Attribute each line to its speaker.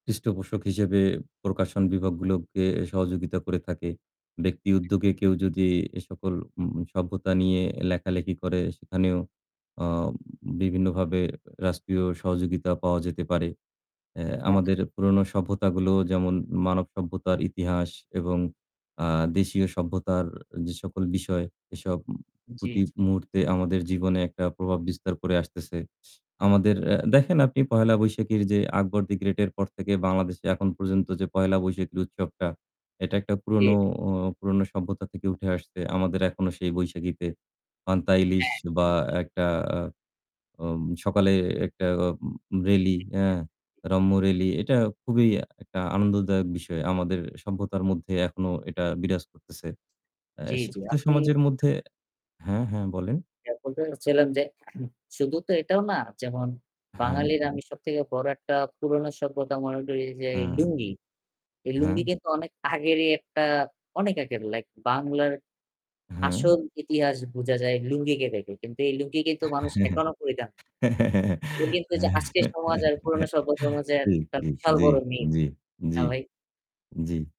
Speaker 1: পৃষ্ঠপোষক হিসেবে প্রকাশন বিভাগগুলোকে সহযোগিতা করে থাকে। ব্যক্তি উদ্যোগে কেউ যদি এ সকল উ সভ্যতা নিয়ে লেখালেখি করে সেখানেও আ বিভিন্নভাবে রাষ্ট্রীয় সহযোগিতা পাওয়া যেতে পারে। এ্যা
Speaker 2: হ্যাঁ।
Speaker 1: আমাদের পুরোনো সভ্যতাগুলো যেমন মানব সভ্যতার ইতিহাস এবং আ দেশীয় সভ্যতার যে সকল বিষয় এসব
Speaker 2: জি,
Speaker 1: প্রতি
Speaker 2: জি।
Speaker 1: মুহূর্তে আমাদের জীবনে একটা প্রভাব বিস্তার করে আসতেছে। আমাদের এ্যা দেখেন আপনি পহেলা বৈশাখীর যে 'আকবর দি গ্রেট' এর পর থেকে বাংলাদেশে এখন পর্যন্ত যে পহেলা বৈশাখী উৎসবটা এটা একটা পুরনো
Speaker 2: ঠিক।
Speaker 1: ও পুরনো সভ্যতা থেকে উঠে আসছে। আমাদের এখনো সেই বৈশাখীতে পান্তা ইলিশ
Speaker 2: হ্যাঁ।
Speaker 1: বা একটা আ অম সকালে একটা অম র‍্যালি এ্যা
Speaker 2: [unintelligible]
Speaker 1: রম্য র‍্যালি এটা খুবই একটা আনন্দদায়ক বিষয়। আমাদের সভ্যতার মধ্যে এখনো এটা বিরাজ করতেছে। আ
Speaker 2: জ্বী, জ্বী,
Speaker 1: শিক্ষিত
Speaker 2: আপনি
Speaker 1: সমাজের মধ্যে হ্যাঁ, হ্যাঁ, বলেন।
Speaker 2: এখন তো হচ্ছিলাম যে শুধু তো এটাও না যেমন
Speaker 1: হ্যাঁ।
Speaker 2: বাঙালির আমি সবথেকে বড় একটা পুরনো সভ্যতা মনে করি যে
Speaker 1: হুম।
Speaker 2: লুঙ্গি। এই লুঙ্গি
Speaker 1: হ্যাঁ।
Speaker 2: কিন্তু অনেক আগেরই একটা অনেক আগের লাইক বাংলার
Speaker 1: হ্যাঁ।
Speaker 2: আসল ইতিহাস বুঝা যায় লুঙ্গিকে দেখে। কিন্তু এই লুঙ্গি কিন্তু মানুষ এখনো পরিধান এটা কিন্তু ওইযে আজকের সমাজ আর পুরোনো সভ্যতার মাঝে
Speaker 1: ঠিক,
Speaker 2: একটা
Speaker 1: ঠিক,
Speaker 2: বিশাল
Speaker 1: জ্বি,
Speaker 2: বড় নি
Speaker 1: জ্বি,
Speaker 2: না
Speaker 1: জ্বি,
Speaker 2: ভাই?
Speaker 1: জ্বি।